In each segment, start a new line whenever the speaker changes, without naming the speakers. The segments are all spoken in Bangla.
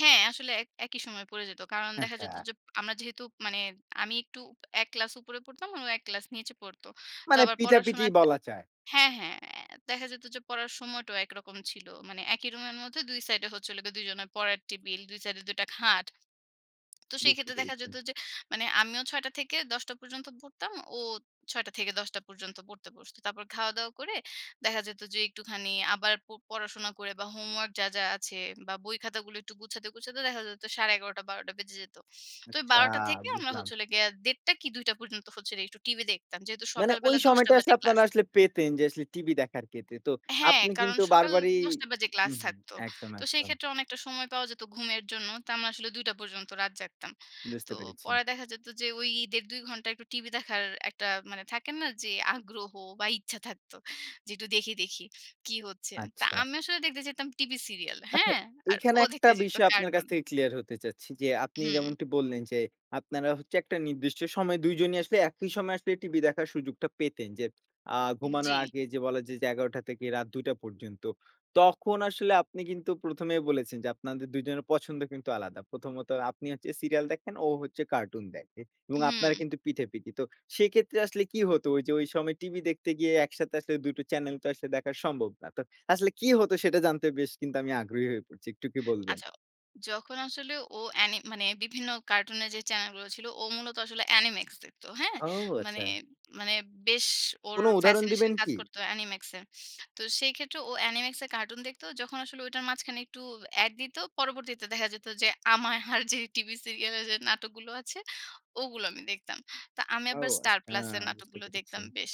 হ্যাঁ, আসলে এক একই সময় পড়ে যেত। কারণ দেখা যেত
আচ্ছা।
যে আমরা যেহেতু মানে আমি একটু ১ ক্লাস উপরে পড়তাম ও ১ ক্লাস নিচে পড়ত। তো
মানে
আবার
পিঠাপিঠি
পড়াশোনাটা
বলা যায়।
হ্যাঁ, হ্যাঁ, দেখা যেত যে পড়ার সময়টাও একরকম ছিল। মানে একই রুমের মধ্যে ২ সাইড এ হচ্ছে ২ জনের পড়ার টেবল। ২ সাইড এ ২ টা খাট। তো সেই
বুঝতে
ক্ষেত্রে দেখা
পেরেছি।
যেত যে, মানে আমিও ৬:০০ টা থেকে ১০ঃ০০ টা পর্যন্ত পড়তাম, ও ৬ঃ০০ টা থেকে ১০ঃ০০ টা পর্যন্ত পড়তে বসত। তারপর খাওয়া দাওয়া করে দেখা যেত যে, একটুখানি আবার প পড়াশোনা করে বা হোমওয়র্ক যা, যা আছে বা বই খাতাগুলো একটু গুছাতে, গুছাতে, দেখা যেত ১১:৩০ টা- ১২ঃ০০ টা বেজে যেত। তো
আচ্ছা,
১২ঃ০০ টা থেকে আমরা
বুঝলাম।
হচ্ছে হল গিয়ে ১:৩০ টা কি ২ঃ০০ টা পর্যন্ত হচ্ছে একটু টিভি দেখতাম। যেহেতু
মানে
সকাল
ওই
বেলা ১০ঃ০০ টা
সময়টা আসলে
বাজে ক্লাস।
আপনারা আসলে পেতেন যে, আসলে টিভি দেখার ক্ষেত্রে তো
হ্যাঁ,
আপনি
কারণ
কিন্তু
সকাল
বারবারই
১০ঃ০০ টা বাজে ক্লাস
হুম,
থাকতো।
একদম,
তো সেই
একদম।
ক্ষেত্রে অনেকটা সময় পাওয়া যেত ঘুমের জন্য। তো আমরা আসলে ২ঃ০০ টা পর্যন্ত রাত জাগতাম। তো
বুঝতে পেরেছি।
পরে দেখা যেত যে, ওই ইদের ২ ঘণ্টা একটু টিভি দেখার একটা মানে থাকে না যে আগ্রহ বা ইচ্ছা থাকতো। যে একটু দেখি, দেখি, কি হচ্ছে? তো
আচ্ছা।
আমি আসলে দেখতে যেতাম টিভি সিরিয়াল
আচ্ছা।
হ্যাঁ? আর
এখানে
ও
একটা
দেখতে যেত
বিষয় আপনার কাছ
কার্টুন।
থেকে ক্লিয়ার হতে চাচ্ছি। যে আপনি
হু।
যেমনটি বললেন যে আপনারা হচ্ছে একটা নির্দিষ্ট সময়ে ২ জনই আসলে একই সময়ে আসলে টিভি দেখার সুযোগটা পেতেন। যে আ ঘুমানোর
জ্বী।
আগে যে বলা যায় যে ১১ঃ০০ টা থেকে রাত ২ঃ০০ টা পর্যন্ত। তখন আসলে আপনি কিন্তু ১ম এই বলেছেন যে, আপনাদের ২ জনের পছন্দ কিন্তু আলাদা। প্রথমত আপনি হচ্ছে সিরিয়াল দেখেন, ও হচ্ছে কার্টুন দেখে। এবং আপনারা
হুঁ।
কিন্তু পিঠে পিঠি। তো সেক্ষেত্রে আসলে কি হতো ওই যে, ওই সময় টিভি দেখতে গিয়ে একসাথে আসলে ২ টো চ্যানেল তো আসলে দেখা সম্ভব না। তো আসলে কি হতো সেটা জানতে বেশ কিন্তু আমি আগ্রহী হয়ে পড়ছি। একটু কি বলবেন?
আচ্ছা। যখন আসলে ও এ্যানি মানে বিভিন্ন কার্টুনের যে চ্যানেল গুলো ছিল ও মূলত আসলে অ্যানিমেক্স দেখত। হ্যাঁ?
ও!
মানে,
আচ্ছা।
মানে, বেশ ওর
কোনো উদাহরণ
ফ্যাসিনেশন
দিবেন
কাজ
কি?
করতো এনিমেক্স এ। তো সেই ক্ষেত্রে ও অ্যানিমেক্স এ কার্টুন দেখত। যখন আসলে ওটার মাঝখানে একটু এড দিত, পরবর্তীতে দেখা যেত যে, আমায় আর যে টিভি সিরিয়াল যে নাটকগুলো আছে ওগুলো আমি দেখতাম। তো আমি
ও
আবার স্টার
আচ্ছা!
প্লাস এর
বুঝতে
নাটকগুলো
পেরেছি।
দেখতাম বেশ।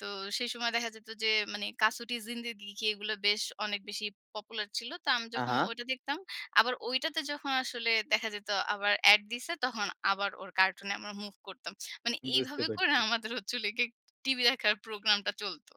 তো সেই সময় দেখা যেত যে মানি কাসুটির জিন্দেগি কি এগুলো বেশ অনেক বেশি পপুলার ছিল। তো আমি
আ
যখন
হা।
ওইটা দেখতাম, আবার ওইটাতে যখন আসলে দেখা যেত আবার এড দিছে, তখন আবার ওর কার্টুনে আমরা মুভ করতাম। মানে
বুঝতে
এইভাবে করে
পারছি।
আমাদের হচ্ছে হলো গিয়ে টিভি দেখার প্রোগ্রামটা চলত।